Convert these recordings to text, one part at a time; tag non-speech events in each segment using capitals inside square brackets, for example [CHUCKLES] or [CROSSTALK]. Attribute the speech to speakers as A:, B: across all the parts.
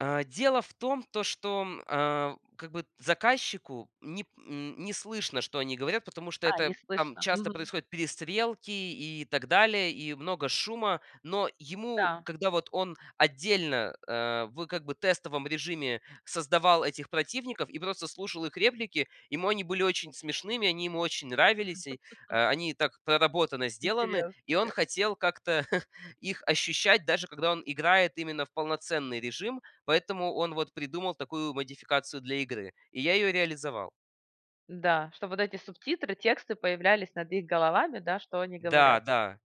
A: А дело в том то, что, м, а, как бы заказчику не п нь не слышно, что они говорят, потому что
B: А, не
A: это там
B: слышно.
A: часто
B: Мгм.
A: происходят перестрелки и так далее, и много шума. Но ему,
B: Да.
A: когда вот он отдельно, э, в как бы тестовом режиме создавал этих противников и просто слушал их реплики, ему они были очень смешными, они ему очень нравились и,
B: [CHUCKLES]
A: э, они так проработано сделаны.
B: Интересно
A: И он
B: как. Хм.
A: хотел как-то [CHUCKLES] их ощущать, даже когда он играет именно в полноценный режим. Поэтому он вот придумал такую модификацию для игры, и я её реализовал.
B: Да, чтоб вот эти субтитры, тексты появлялись над их головами да, что они
A: Да,
B: говорят.
A: да.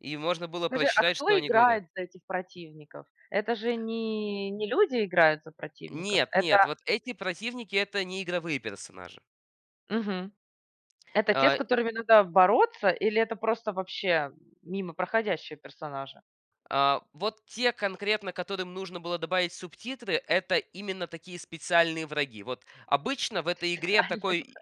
A: И можно было
B: Скажи, а
A: прочитать,
B: кто
A: что они говорят.
B: играет за этих противников? Это же не не люди играют за противников?
A: Нет, нет,
B: Это
A: вот эти противники это не игровые персонажи.
B: Мгм. Это те, с
A: А
B: которыми надо бороться или это просто, вообще, м, мимо проходящие персонажи?
A: А, вот те конкретно, которым нужно было добавить субтитры, это именно такие специальные враги. Вот обычно в этой игре
B: Специально даже.
A: такой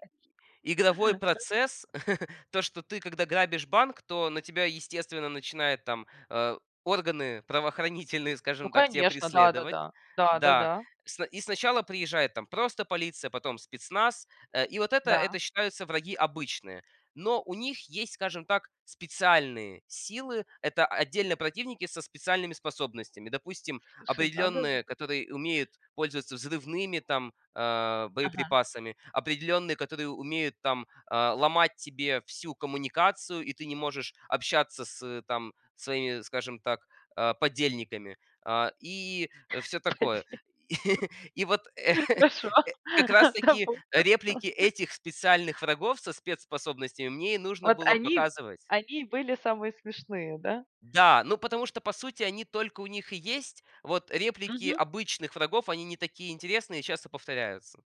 A: игровой
B: Хорошо.
A: процесс [CHUCKLES] то, что ты когда грабишь банк, то на тебя естественно начинают там, э, органы правоохранительные,
B: Ну
A: скажем так, тя
B: конечно, да, да,
A: преследовать.
B: да. Да,
A: Да.
B: да-да.
A: Сна и сначала приезжает там просто полиция, потом спецназ. Э, и вот это
B: Да.
A: это считаются враги обычные. Но у них есть, скажем так, специальные силы. Это отдельно противники со специальными способностями. Допустим,
B: Слушай, надо же.
A: определённые, которые умеют пользоваться взрывными там, а,
B: Ага.
A: боеприпасами. Определенные, которые умеют там, а, ломать тебе всю коммуникацию, и ты не можешь общаться с, ы, там своими, скажем так, а, подельниками. А, и всё такое.
B: [UNINTELLIGIBLE]
A: [CHUCKLES] И вот, [CHUCKLES]
B: Хорошо.
A: э, как раз таки
B: Допустим.
A: реплики этих специальных врагов со спецспособностями мне и нужно
B: Вот
A: было
B: они
A: показывать.
B: они и были самые смешные, да?
A: Да, ну потому что по сути они только у них и есть. Вот реплики
B: Мгм.
A: обычных врагов- они не такие интересные и часто повторяются.